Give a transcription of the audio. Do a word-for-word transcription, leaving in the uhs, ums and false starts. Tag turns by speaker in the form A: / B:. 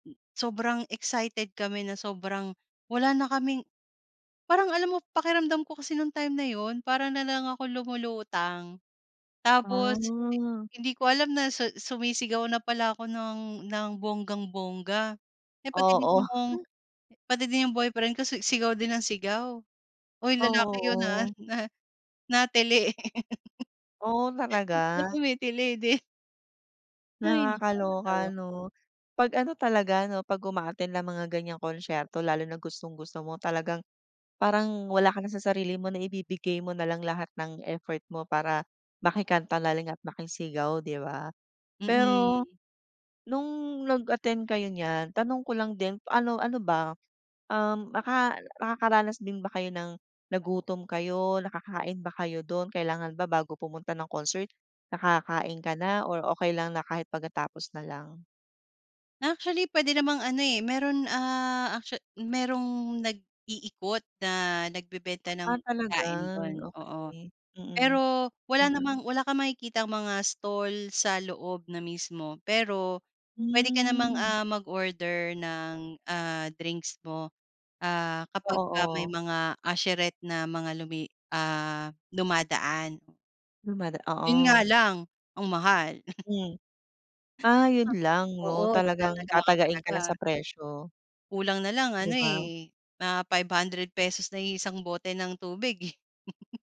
A: Hmm, sobrang excited kami na sobrang wala na kaming parang alam mo pakiramdam ko kasi nung time na yun para na lang akong lumulutang, tapos i
B: Ah.
A: hindi ko alam na sa sumisigaw na pala ako ng ng bonggang-bongga, eh, pati din
B: Oo.
A: 'yong, pati din 'yong boyfriend ko si sigaw din ng sigaw. Uy lalaki 'yon, ha,
B: Oo.
A: na na-tili.
B: Oh,
A: Na
B: talaga?
A: tumitili din. Hay, nakakatawa.
B: Nakakaloka 'no, pag ano talaga 'no, pag-uma-attend ng mga ganyang konsyerto. Lalo na gustong-gusto mo talagang parang wala ka na sa sarili mo, na ibibigay mo nalang lahat ng effort mo para maki-kanta na lang at makisigaw di ba? Pero
A: Mm.
B: nung nag-attend kayo niyan tanong ko lang din, ano, ano ba, um, naka nakakaranas din ba kayo ng nagutom kayo, nakakain ba kayo do'n? Kailangan ba bago pumunta ng concert nakakain ka na or okey lang na kahit pagkatapos na lang?
A: Actually, puwede namang ano, eh, mayro'n, ah, actua mayrong nag-iikot na nagbebenta ng
B: Ah, talaga
A: pagkain do'n, oo.
B: okey, mm,
A: Pero wala
B: iyon.
A: namang wala kang makitang mga stall sa loob na mismo. Pero puwede ka namang,
B: Hmm.
A: ah, mag-order ng, ah, drinks mo, ah, kapag
B: Oo,
A: ka may
B: oo.
A: mga usherette na mga lumi, ah, dumadaan.
B: Dumada
A: Yun nga
B: oo.
A: lang ang mahal.
B: Hmm. Ah, yun lang
A: Oh,
B: 'no,
A: oo
B: talagang
A: tinataga ka
B: tatagain ka na
A: talaga.
B: sa presyo.
A: Kulang na lang ano,
B: Di ba?
A: eh, mga five hundred pesos na yung isang bote ng tubig eh.